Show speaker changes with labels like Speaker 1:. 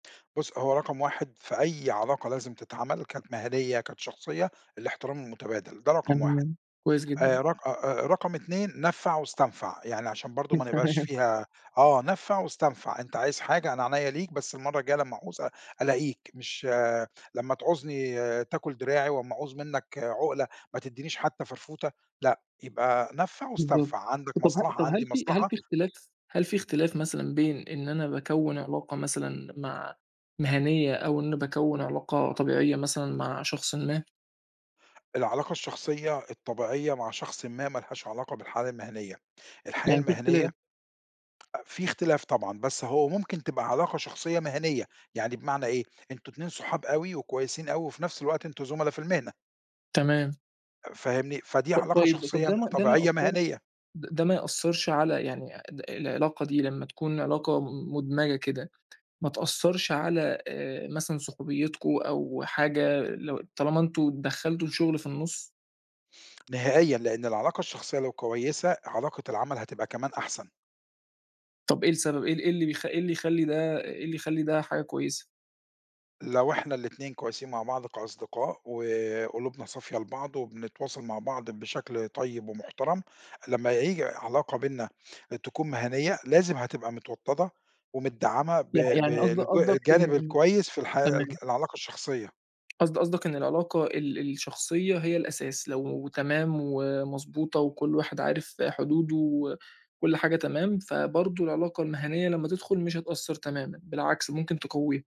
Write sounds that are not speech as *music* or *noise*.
Speaker 1: بُص هو رقم 1 في أي علاقة لازم تتعمل، كانت مهنيَّة، كانت شخصية الاحترام المتبادل، ده رقم 1،
Speaker 2: تمام، كويس جدًا.
Speaker 1: آآ رق آآ، آآ رقم 2 نَفع واستنفَع، يعني عشان برضه ما
Speaker 2: *unintelligible*
Speaker 1: نبقاش
Speaker 2: تمام.
Speaker 1: فيها آه، نَفع واستنفَع، أنت عايز حاجة أنا عينيّا ليك، بس المرّة الجاية لمّا أعُوز ال ألاقيك، مش لمّا تعوزني تأكُل دراعي، واما أعُوز مِنك عُقلة ما تدِّينيش حتى فرفوتة، لأ، يبقى نَفع
Speaker 2: بالضبط
Speaker 1: واستنفَع، عندك
Speaker 2: طب ه
Speaker 1: مصلحة
Speaker 2: طب هل
Speaker 1: عندي
Speaker 2: في هل في
Speaker 1: مصلحة.
Speaker 2: اختلاف، هل في اختلاف مثلًا بين إن أنا باكوّن علاقة مثلًا مع مهنيّة، أو إن باكوّن علاقة طبيعية مثلًا مع شخصٍ ما؟
Speaker 1: العلاقة الشخصية، الطبيعية مع شخصٍ ما، ما لهاش علاقة بالحالة المهنيّة، الحياة
Speaker 2: يعني في اختلاف.
Speaker 1: المهنيّة في اختلاف طبعًا، بس هو ممكن تبقى علاقة شخصية مهنيّة، يعني بمعنى إيه، أنتم اتنين صحاب أوي وكويسين أوي، وفي نفس الوقت أنتم زملا في المهنة.
Speaker 2: تمام.
Speaker 1: فاهمني؟ فدي
Speaker 2: طب
Speaker 1: علاقة
Speaker 2: طيب
Speaker 1: شخصية
Speaker 2: ده ما ده ما
Speaker 1: طبيعية
Speaker 2: يأثّرش
Speaker 1: مهنيّة.
Speaker 2: ده ما يأثرش على يعني آآ العلاقة دي لمّا تكون علاقة مُدمجة كده، ما تأثرش على آآ مثلًا صحوبيتكم أو حاجة، لو طالما إن أنتم دخلتوا الشُّغل في النُصّ؟
Speaker 1: نهائيًا لإن العلاقة الشخصية لو كويسة، علاقة العمل هتبقى كمان أحسن.
Speaker 2: طب إيه السبب، إيه ال إيه اللي بيخ إيه اللي يخلّي ده، إيه اللي يخلّي ده حاجة كويسة؟
Speaker 1: لو احنا الاتنين كويسين مع بعض كأصدقاء، وقلوبنا صافية لبعض، وبنتواصل مع بعض بشكل طيب ومُحترم، لمّا ييجي علاقة بينّا تكون مهنية، لازم هتبقى متوطّدة، ومتدعّمة ب
Speaker 2: يع
Speaker 1: ب
Speaker 2: يعني قصد
Speaker 1: الج
Speaker 2: قصدك، إن
Speaker 1: الجانب
Speaker 2: إن
Speaker 1: الكويس في الحياة ال
Speaker 2: تمام.
Speaker 1: العلاقة الشخصية.
Speaker 2: قصد قصدك إن العلاقة ال الشخصية هي الأساس، لو تمام ومضبوطة وكُلّ واحد عارف حدوده، وكُلّ حاجة تمام، فبرضه العلاقة المهنيّة لمّا تدخُل مش هتأثّر تمامًا، بالعكس ممكن تقوِّيها.